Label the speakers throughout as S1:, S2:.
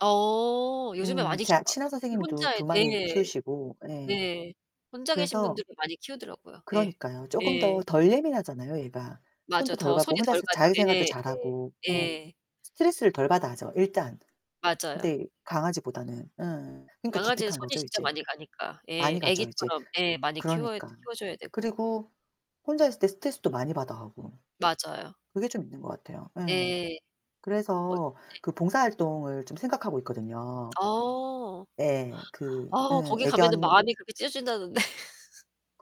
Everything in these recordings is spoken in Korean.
S1: 어. 요즘에
S2: 음.
S1: 많이
S2: 제가
S1: 키우시더라고.
S2: 친한
S1: 특히
S2: 선생님도
S1: 혼자
S2: 2
S1: 예.
S2: 마리 키우시고 예.
S1: 네. 혼자 계신
S2: 그래서
S1: 분들이 많이 키우더라고요. 예.
S2: 그러니까요. 조금 더
S1: 예.
S2: 덜 예민하잖아요, 얘가.
S1: 맞아.
S2: 손도 덜
S1: 더 손이
S2: 가고
S1: 덜
S2: 혼자서
S1: 가죠.
S2: 자기 생활도
S1: 예.
S2: 잘하고.
S1: 예.
S2: 어.
S1: 예.
S2: 스트레스를 덜 받아 하죠, 일단.
S1: 맞아요.
S2: 네. 강아지보다는 어. 그러니까
S1: 강아지는 손이
S2: 기특한거죠
S1: 진짜
S2: 이제.
S1: 많이 가니까. 예.
S2: 많이 가죠 이제.
S1: 애기처럼 예. 많이 키워야
S2: 그러니까.
S1: 키워 줘야 되고.
S2: 그리고 혼자 있을 때 스트레스도 많이 받아 하고.
S1: 맞아요.
S2: 그게 좀 있는 것 같아요.
S1: 예.
S2: 예.
S1: 어 네.
S2: 그래서 그 봉사 활동을 좀 생각하고 있거든요.
S1: 어.
S2: 예. 그
S1: 아
S2: 예.
S1: 거기 가면은
S2: 애견
S1: 마음이 그렇게 찢어진다던데.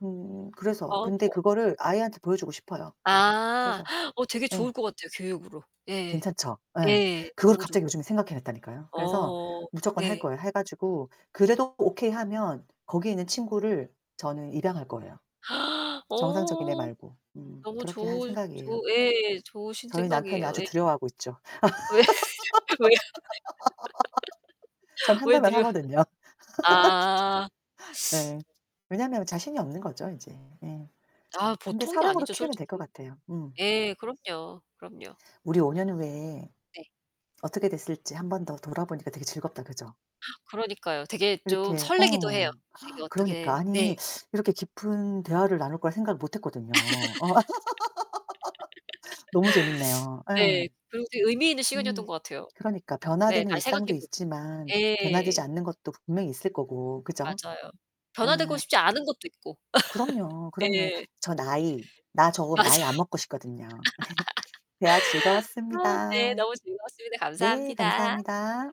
S2: 음 그래서.
S1: 마음 아퍼
S2: 근데
S1: 갖고.
S2: 그거를 아이한테 보여 주고 싶어요,
S1: 아.
S2: 그래서.
S1: 어 되게
S2: 예.
S1: 좋을 것 같아요, 교육으로. 예.
S2: 괜찮죠? 예.
S1: 예.
S2: 그걸
S1: 너무 좋을
S2: 갑자기
S1: 것 같아요.
S2: 요즘에 생각해 냈다니까요. 그래서
S1: 어어
S2: 무조건 할
S1: 네.
S2: 거예요. 해 가지고 그래도 오케이 하면 거기에 있는 친구를 저는 입양할 거예요, 정상적인 애
S1: 어
S2: 말고. 음.
S1: 너무
S2: 그렇게 할
S1: 좋으
S2: 생각이에요.
S1: 좋 예. 좋으신
S2: 저희 남편이
S1: 생각이에요.
S2: 아주
S1: 예.
S2: 두려워하고 있죠.
S1: 왜? 왜요?
S2: 전
S1: 왜
S2: 한다면
S1: 느려
S2: 하거든요.
S1: 아.
S2: 예. 왜냐면 자신이 없는 거죠 이제. 예.
S1: 아
S2: 근데
S1: 보통이
S2: 사랑으로
S1: 아니죠,
S2: 키우면 될 것
S1: 솔직히.
S2: 같아요. 음.
S1: 예. 그럼요. 그럼요.
S2: 우리 5 년 후에
S1: 네.
S2: 어떻게 됐을지 1 번 더 돌아보니까 되게 즐겁다, 그죠?
S1: 그러니까요. 되게 좀
S2: 이렇게
S1: 설레기도 해요.
S2: 어
S1: 되게
S2: 그러니까.
S1: 어떻게 네.
S2: 아니 이렇게 깊은 대화를 나눌 거라 생각을 못 했거든요. 너무 재밌네요. 예.
S1: 네 그리고 되게 의미있는 시간이었던
S2: 음
S1: 것 같아요.
S2: 그러니까
S1: 네.
S2: 변화되는
S1: 잘
S2: 일상도
S1: 생각해 보고
S2: 있지만 변화되지
S1: 예.
S2: 않는 것도 분명히 있을 거고 그죠?
S1: 맞아요. 변화되고
S2: 예.
S1: 싶지 않은 것도 있고.
S2: 그럼요, 그럼요.
S1: 예.
S2: 저 나이 나 저
S1: 맞아.
S2: 나이 안 먹고 싶거든요. 대화
S1: 아 네.
S2: 즐거웠습니다.
S1: 너무 즐거웠습니다.
S2: 네
S1: 감사합니다.
S2: 감사합니다.